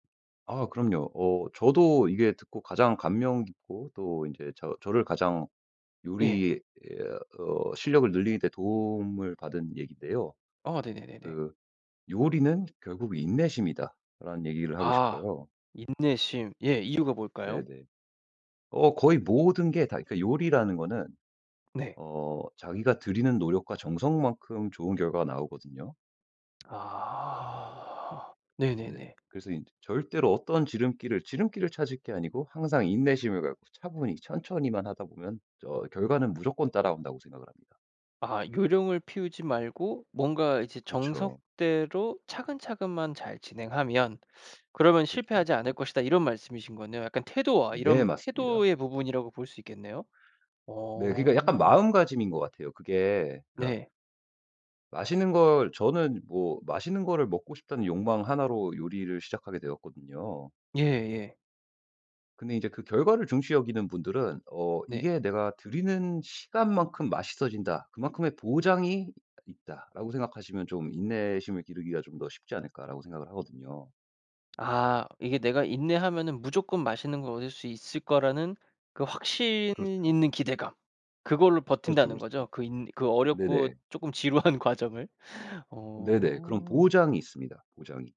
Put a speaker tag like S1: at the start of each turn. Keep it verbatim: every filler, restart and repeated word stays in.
S1: 아 그럼요. 어 저도 이게 듣고 가장 감명 깊고 또 인제 저 저를 가장
S2: 예.
S1: 요리에 에어 어 실력을 늘리는 데 도움을 받은 얘기인데요.
S2: 어 네네네네.
S1: 그 "요리는 결국 인내심이다."라는 얘기를 하고
S2: 아.
S1: 싶어요.
S2: 인내심. 예 이유가 뭘까요?
S1: 네네. 어 거의 모든 게 다 그러니까 요리라는 거는
S2: 네.
S1: 어 자기가 들이는 노력과 정성만큼 좋은 결과가 나오거든요.
S2: 아.
S1: 네.
S2: 네네네.
S1: 그래서 인제 절대로 어떤 지름길을 지름길을 찾을 게 아니고 항상 인내심을 갖고 차분히 천천히만 하다 보면 저 결과는 무조건 따라온다고 생각을 합니다.
S2: 아 "요령을 피우지 말고 뭔가 이제
S1: 그쵸.
S2: 정석대로 차근차근만 잘 진행하면 그러면
S1: 그쵸,
S2: 실패하지 않을
S1: 그쵸.
S2: 것이다." 이런 말씀이신 거네요. 약간 태도와
S1: 네.
S2: 이런
S1: 맞습니다.
S2: 태도의 부분이라고 볼 수 있겠네요.
S1: 네. 그러니까 약간
S2: 어.
S1: 마음가짐인 것 같아요. 그게 그러니까
S2: 네.
S1: 맛있는 걸 저는 뭐 맛있는 거를 먹고 싶다는 욕망 하나 로 요리를 시작하게 되었거든요.
S2: 예예.
S1: 근데 이제 그 결과를 중시 여기는 분들은 어
S2: 네.
S1: 이게 '내가 들이는 시간만큼 맛있어진다. 그만큼의 보장이 있다.'라고 생각하시면 '좀 인내심을 기르기가 좀 더 쉽지 않을까?'라고 생각을 하거든요.
S2: 아 이게 내가 인내하면은 무조건 맛있는 걸 얻을 수 있을 거라는 그 확신
S1: 그렇죠.
S2: 있는 기대감 그걸로
S1: 그렇죠,
S2: 버틴다는
S1: 그렇죠.
S2: 거죠? 그 인 그 어렵고
S1: 네네.
S2: 쪼끔 지루한 과정을?
S1: 네네. 그런
S2: 어.
S1: 보장이 있습니다 보장이.